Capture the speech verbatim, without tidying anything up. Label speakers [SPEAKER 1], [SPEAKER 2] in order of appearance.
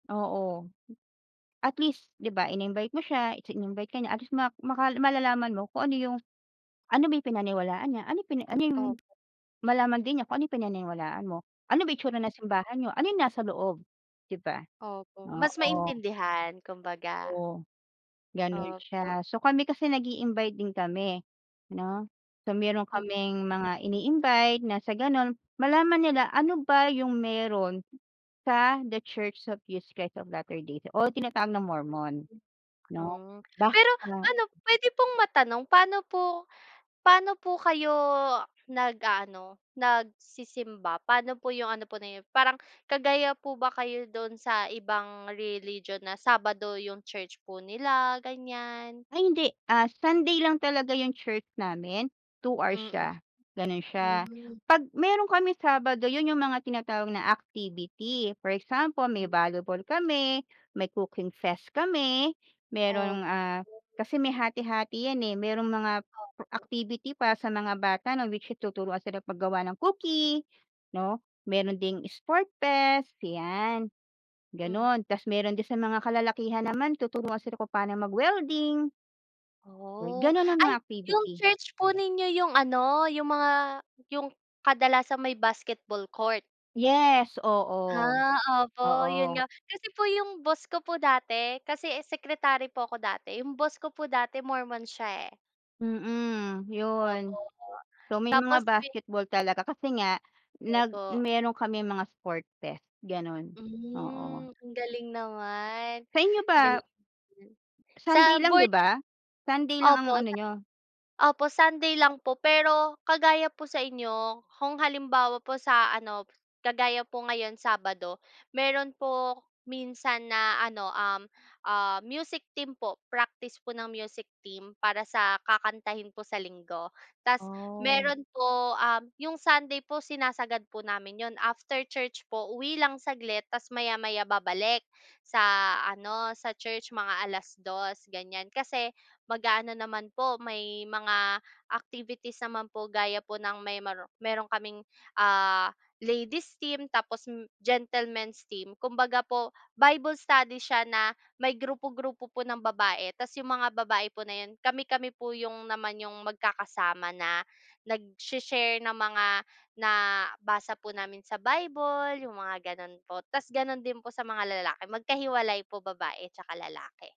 [SPEAKER 1] Oo. At least, 'di ba in-invite mo siya, its in-invite ka niya at least ma maka malalaman mo kung ano yung, ano ba yung pinaniwalaan niya, anong pina ano yung
[SPEAKER 2] Opo.
[SPEAKER 1] malaman din niya kung ano yung pinaniniwalaan mo. Ano ba itsura ng
[SPEAKER 2] Mhm.
[SPEAKER 1] simbahan n'yo ano yung nasa loob, di ba?
[SPEAKER 2] Opo, mas
[SPEAKER 1] Oo.
[SPEAKER 2] maintindihan kumbaga.
[SPEAKER 1] Oo. Gano'n
[SPEAKER 2] Opo.
[SPEAKER 1] siya, so kami kasi nag-i-invite din kami, 'no. So, meron
[SPEAKER 2] Mm
[SPEAKER 1] kaming mga ini-invite na sa gano'n malaman nila ano ba yung meron sa The Church of Jesus Christ of Latter-day Saints, o tinatawag na Mormon, 'no.
[SPEAKER 2] Ah,
[SPEAKER 1] Bakit
[SPEAKER 2] pero
[SPEAKER 1] nga
[SPEAKER 2] ano, po pwede pong matanong paano po paano po kayo nag-a-ano nagsisimba, paano po yung ano po na 'yon parang kagaya po ba kayo do'n sa ibang religion na Sabado yung church po nila, ganyan?
[SPEAKER 1] Ay, hindi. Ah, Sunday lang talaga yung church namin, two hours
[SPEAKER 2] Mhm.
[SPEAKER 1] siya gano'n siya.
[SPEAKER 2] hmm
[SPEAKER 1] 'Pag meron kaming Sabado yon, yung mga tinatawag na activity for example may volleyball kami, may cooking fest kami, merong,
[SPEAKER 2] Op
[SPEAKER 1] ah, kasi may hati-hati yan eh, merong mga per
[SPEAKER 2] Opo.
[SPEAKER 1] activity para sa mga bata, 'no, which is tuturuan silang paggawa ng cookie, 'no, meron ding sport fest 'yan.
[SPEAKER 2] Hmm.
[SPEAKER 1] Gano'n tapos meron din sa mga kalalakihan naman tuturuan sila kung paano mag-welding.
[SPEAKER 2] Oh,
[SPEAKER 1] Gano'n ang
[SPEAKER 2] ay
[SPEAKER 1] mga
[SPEAKER 2] yung
[SPEAKER 1] activity.
[SPEAKER 2] church po ninyo yung ano, yung mga yung kadalasan may basketball court?
[SPEAKER 1] Yes, oo.
[SPEAKER 2] Ah, opo 'yun
[SPEAKER 1] Oo.
[SPEAKER 2] nga, kasi po yung boss ko po dati kasi eh secretary po ako dati yung boss ko po dati Mormon siya eh.
[SPEAKER 1] Mhm,
[SPEAKER 2] Opo
[SPEAKER 1] yun.
[SPEAKER 2] nga,
[SPEAKER 1] So may mga
[SPEAKER 2] tapos pi
[SPEAKER 1] basketball talaga kasi nga nag
[SPEAKER 2] Opo.
[SPEAKER 1] meron kaming mga sport fest gano'n, oo.
[SPEAKER 2] Hmm ang galing naman.
[SPEAKER 1] Sa inyo ba
[SPEAKER 2] Galing namn. Sa
[SPEAKER 1] Sunday lang, di
[SPEAKER 2] Born-Again
[SPEAKER 1] ba? Sunday lang
[SPEAKER 2] Opo
[SPEAKER 1] ang-ano
[SPEAKER 2] Sun
[SPEAKER 1] niyo?
[SPEAKER 2] opo Sunday lang po, pero kagaya po sa inyo kung halimbawa po sa ano kagaya po ngayon Sabado, meron po minsan na ano, um, ah, music team po. Practice po ng Practice para sa kakantahin po sa Linggo. Tapos
[SPEAKER 1] Ah.
[SPEAKER 2] meron po yung Sunday po sinasagad po namin 'yon. After church po, uwi lang saglit tapos maya-maya babalik sa ano sa church mga alas dos ganyan kasi mag-a-ano naman po may mga activities naman po gaya po ng may meron kaming, ah, ladies team tapos m gentlemen's team. Kumbaga po, Bible study siya na may grupo-grupo po ng babae, tapos yung mga babae po na yun, kami-kami po yung naman yung magkakasama na nagsha-share ng mga nabasa po namin sa Bible yung mga gano'n po. Tapos gano'n din po sa mga lalaki magkahiwalay po, babae 'tsaka lalaki.